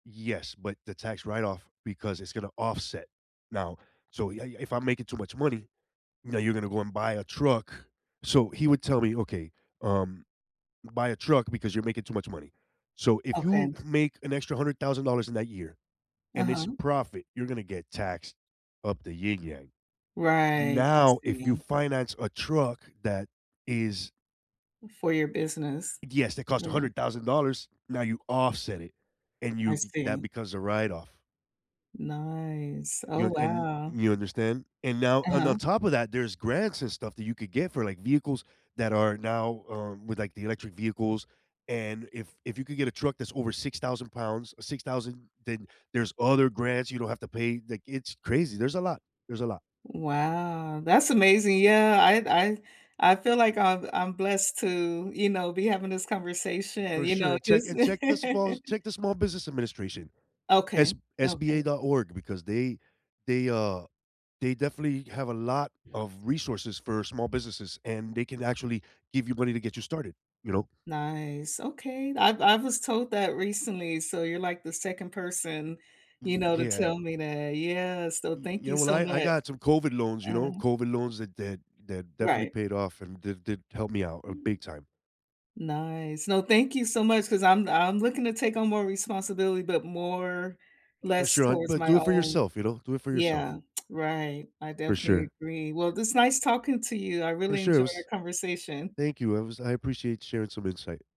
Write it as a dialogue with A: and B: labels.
A: Yes, but the tax write-off because it's going to offset now, so you I I if I'm making too much money, "Now you're going to go and buy a truck." So he would tell me, "Okay, um, buy a truck because you're making too much money." So if you
B: Okay.
A: make an extra $100,000 in that year and it's
B: Uh-huh.
A: profit, you're going to get taxed up the ying-yang.
B: Right, I
A: Now, if you
B: see.
A: finance a truck that is
B: For your business.
A: Yes, that cost a
B: Mhm.
A: hundred thousand dollars, now you offset it, and
B: I
A: you get that
B: see.
A: because of write-off.
B: Nice. Oh,
A: You know, and
B: wow.
A: You understand? And now And on
B: Uh-huh.
A: top of that, there's grants and stuff that you could get for, like, vehicles that are now, um, with, like, the electric vehicles, and if if you could get a truck that's over 6,000 pounds, or 6,000, then there's other grants, you don't have to pay, like, it's crazy, there's a lot, there's a lot.
B: Wow, that's amazing, yeah, I d I I feel like I've I'm blessed to, you know, be having this conversation,
A: For
B: you know,
A: sure, check
B: just
A: and check the small check the small business administration,
B: Okay,
A: s
B: okay.
A: sba.org because they they, uh they definitely have a lot of resources for small businesses and they can actually give you money to get you started, you know?
B: Nice, okay. I've I was told that recently, so you're, like, the 2nd person, you
A: Y
B: know, to
A: yeah.
B: tell me that. Yeah, so
A: Y
B: thank
A: you
B: you
A: know, well,
B: so
A: I I
B: much.
A: got some COVID loans, you know,
B: Uh-huh.
A: COVID loans that def def definitely
B: Right.
A: paid off and did did help me out, uh, big time.
B: Nice. No, thank you so much 'cause I'm I'm looking to take on more responsibility, but more
A: For
B: less
A: sure, hon,
B: towards
A: but
B: my
A: do it for
B: own
A: yourself, you know, do it for yourself.
B: Yeah, right, I
A: For
B: definitely
A: sure.
B: agree. Well, it is nice talking to you, I
A: For
B: really
A: sure, it
B: enjoy your
A: was
B: conversation.
A: Thank you, it was I appreciate sharing some insight.